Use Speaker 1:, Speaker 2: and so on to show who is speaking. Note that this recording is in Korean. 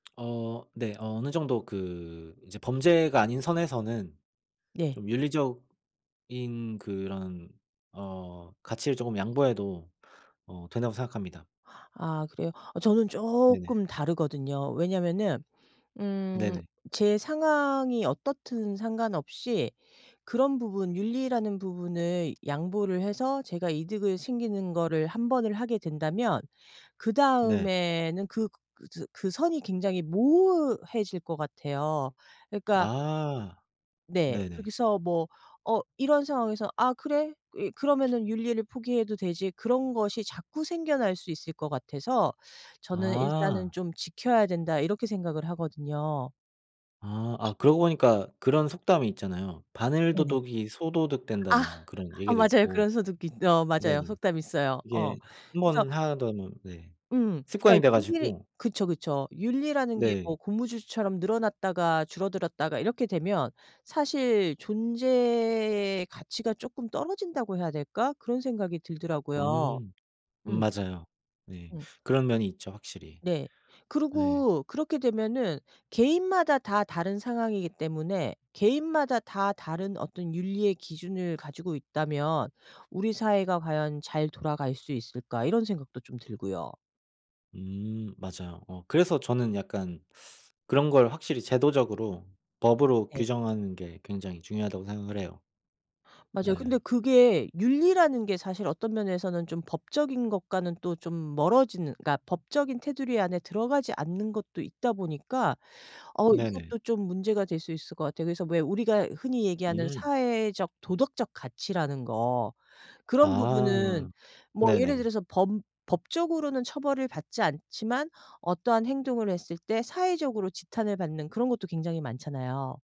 Speaker 1: 어 네. 어느 정도 그 이제 범죄가 아닌 선에서는
Speaker 2: 네.
Speaker 1: 좀 윤리적인 그런 어 가치를 쪼금 양보해도 어 된다고 생각합니다.
Speaker 2: 아 그래요? 아 저는
Speaker 1: 네네.
Speaker 2: 쪼끔 다르거든요. 왜냐면은 음
Speaker 1: 네네.
Speaker 2: 제 상황이 어떻든 상관없이 그런 부분, 윤리라는 부분을 양보를 해서 제가 이득을 챙기는 거를 1 번을 하게 된다면
Speaker 1: 네.
Speaker 2: 그다음에는 그 그 즈 그 선이 굉장히 모호해질 것 같아요. 그러니까
Speaker 1: 아.
Speaker 2: 네.
Speaker 1: 네네.
Speaker 2: 거기서 뭐 어 이런 상황에서 '아 그래. 이 그러면은 윤리를 포기해도 되지.' 그런 것이 자꾸 생겨날 수 있을 것 같아서 저는 '일단은
Speaker 1: 아.
Speaker 2: 좀 지켜야 된다.' 이렇게 생각을 하거든요.
Speaker 1: 아. 아 그러고 보니까 그런 속담이 있잖아요 바늘
Speaker 2: 네네.
Speaker 1: 도둑이 소도둑
Speaker 2: 아.
Speaker 1: 된다는 그런
Speaker 2: 아
Speaker 1: 얘기도
Speaker 2: 맞아요. 그런
Speaker 1: 있고
Speaker 2: 소독이 어 맞아요.
Speaker 1: 네네.
Speaker 2: 속담이 있어요. 어
Speaker 1: 이게 1
Speaker 2: 그래서
Speaker 1: 번 하다 보면 네
Speaker 2: 음. 그러니까
Speaker 1: 습관이 돼
Speaker 2: 윤리
Speaker 1: 가지고
Speaker 2: 그쵸, 그쵸. 윤리라는 게 뭐
Speaker 1: 네.
Speaker 2: 고무줄처럼 늘어났다가 줄어들었다가 이렇게 되면 사실 존재의 가치가 쪼끔 떨어진다고 해야 될까 그런 생각이 들더라고요.
Speaker 1: 음.
Speaker 2: 음.
Speaker 1: 맞아요. 네.
Speaker 2: 음.
Speaker 1: 그런 면이 있죠 확실히.
Speaker 2: 네.
Speaker 1: 예.
Speaker 2: 그리고 그렇게 되면은 개인마다 다 다른 상황이기 때문에 개인마다 다 다른 어떤 윤리의 기준을 가지고 있다면 '우리 사회가 과연 잘 돌아갈 수 있을까?' 이런 생각도 좀 들고요.
Speaker 1: 음. 맞아요. 어 그래서 저는 약간 그런 걸 확실히 제도적으로 법으로
Speaker 2: 네.
Speaker 1: 규정하는 게 굉장히 중요하다고 생각을 해요.
Speaker 2: 맞아요. 근데
Speaker 1: 예.
Speaker 2: 그게 윤리라는 게 사실 어떤 면에서는 좀 법적인 것과는 또 좀 멀어지는 그러니까 법적인 테두리 안에 들어가지 않는 것도 있다 보니까 어
Speaker 1: 네네.
Speaker 2: 이것도 좀 문제가 될 수 있을 것 같아요. 그래서 왜 우리가 흔히 얘기하는
Speaker 1: 음.
Speaker 2: 사회적 도덕적 가치라는 거 그런 부분은
Speaker 1: 아.
Speaker 2: 뭐 예를
Speaker 1: 네네.
Speaker 2: 들어서 범 법적으로는 처벌을 받지 않지만 어떠한 행동을 했을 때 사회적으로 지탄을 받는 그런 것도 굉장히 많잖아요.